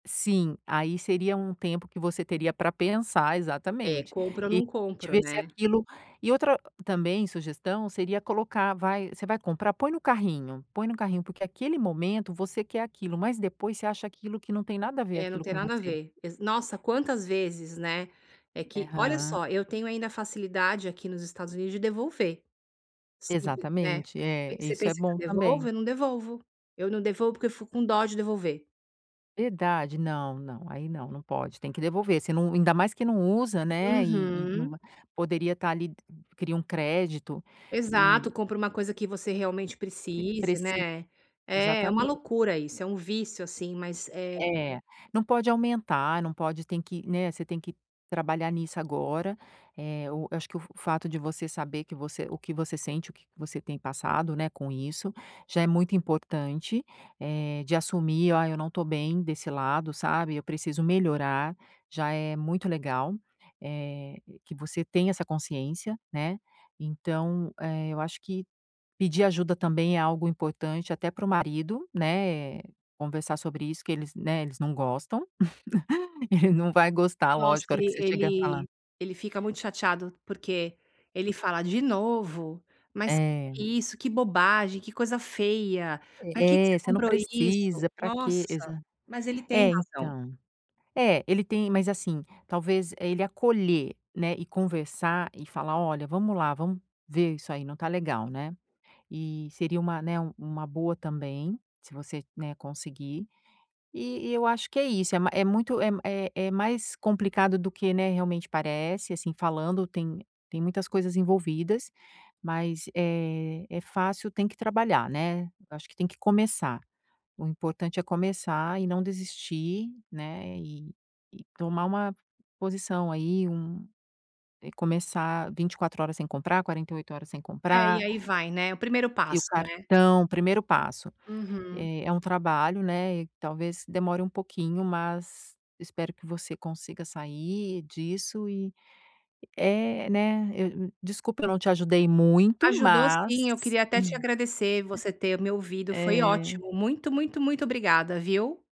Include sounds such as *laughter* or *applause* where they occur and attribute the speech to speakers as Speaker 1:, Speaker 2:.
Speaker 1: Sim, aí seria um tempo que você teria pra pensar
Speaker 2: Eh,
Speaker 1: Exatamente.
Speaker 2: compra ou
Speaker 1: E
Speaker 2: não
Speaker 1: realmente
Speaker 2: compra,
Speaker 1: ver se
Speaker 2: né?
Speaker 1: aquilo e outra também sugestão seria colocar vai você vai comprar? Põe no carrinho. Põe no carrinho, porque aquele momento você quer aquilo, mas depois você acha aquilo que não tem nada a ver
Speaker 2: É, não
Speaker 1: aquilo
Speaker 2: tem
Speaker 1: com
Speaker 2: nada a
Speaker 1: você.
Speaker 2: ver, exa nossa, quantas vezes, né. É que olha
Speaker 1: Eham.
Speaker 2: só, eu tenho ainda a facilidade aqui nos Estados Unidos de devolver, se quiser.
Speaker 1: Exatamente. É,
Speaker 2: Pen você
Speaker 1: isso é
Speaker 2: pensa que eu
Speaker 1: bom
Speaker 2: devolvo?
Speaker 1: também.
Speaker 2: Eu não devolvo. Eu não devolvo, porque eu fico com dó de devolver.
Speaker 1: Verdade? Não, não, aí não, não pode! Tem que devolver você não ainda mais que não usa, né, e e não
Speaker 2: Uhum.
Speaker 1: vai poderia estar ali de cria um crédito
Speaker 2: Exato,
Speaker 1: e
Speaker 2: compra uma coisa que você realmente
Speaker 1: e
Speaker 2: precise,
Speaker 1: preci
Speaker 2: né. É, uma
Speaker 1: exatamen
Speaker 2: loucura isso, é um vício assim, mas é
Speaker 1: É, não pode aumentar, não pode tem que, né você tem que trabalhar nisso agora, eh, o eu acho que o f f fato de você saber que você o que você sente, o que que você tem passado, né, com isso, já é muito importante, eh, de assumir: "Ah, eu não estou bem desse lado, sabe. Eu preciso melhorar.", já é muito legal, eh, que você tenha essa consciência, né. Então, eh, eu acho que pedir ajuda também é algo importante até para o marido, né. Conversar sobre isso que eles, né, eles não gostam. *chuckles* Ele não vai gostar,
Speaker 2: Nossa,
Speaker 1: lógico, a hora que
Speaker 2: ele
Speaker 1: você chega falar.
Speaker 2: ele ele fica muito chateado, porque ele fala: "De novo? Mas que que é
Speaker 1: É.
Speaker 2: isso? Que bobagem, que coisa feia, pra que que você
Speaker 1: É: "Você não
Speaker 2: comprou isso?"
Speaker 1: precisa. Pra quê?"
Speaker 2: Nossa,
Speaker 1: Exa
Speaker 2: mas ele tem
Speaker 1: é,
Speaker 2: razão.
Speaker 1: então é, ele tem mas, assim, talvez, eh, ele acolher, né. E conversar e falar: “Olha, vamos lá, vamos ver. Isso aí não tá legal”, né. E seria uma, né, uma boa também, se você, né, conseguir. E e eu acho que é isso. É ma é muito é m é é mais complicado do que, né, realmente parece. Assim, falando, tem tem muitas coisas envolvidas, mas, eh, é fácil. Tem que trabalhar, né. Eu acho que tem que começar. O importante é começar e não desistir, né. E e tomar uma posição aí. Um eh começar 24 horas sem comprar. 48 horas sem
Speaker 2: É, e
Speaker 1: comprar.
Speaker 2: aí vai, né. O primeiro
Speaker 1: E o
Speaker 2: passo, né.
Speaker 1: cartão. Primeiro passo:
Speaker 2: Uhum.
Speaker 1: eh, é um trabalho, né. E talvez demore um pouquinho, mas espero que você consiga sair disso e é, né eu, hum, desculpa, eu não te ajudei muito,
Speaker 2: Ajudou sim. Eu
Speaker 1: mas
Speaker 2: queria até te
Speaker 1: *chuckles*
Speaker 2: agradecer você ter me ouvido. Foi
Speaker 1: Eh
Speaker 2: ótimo. Muito, muito, muito obrigada, viu?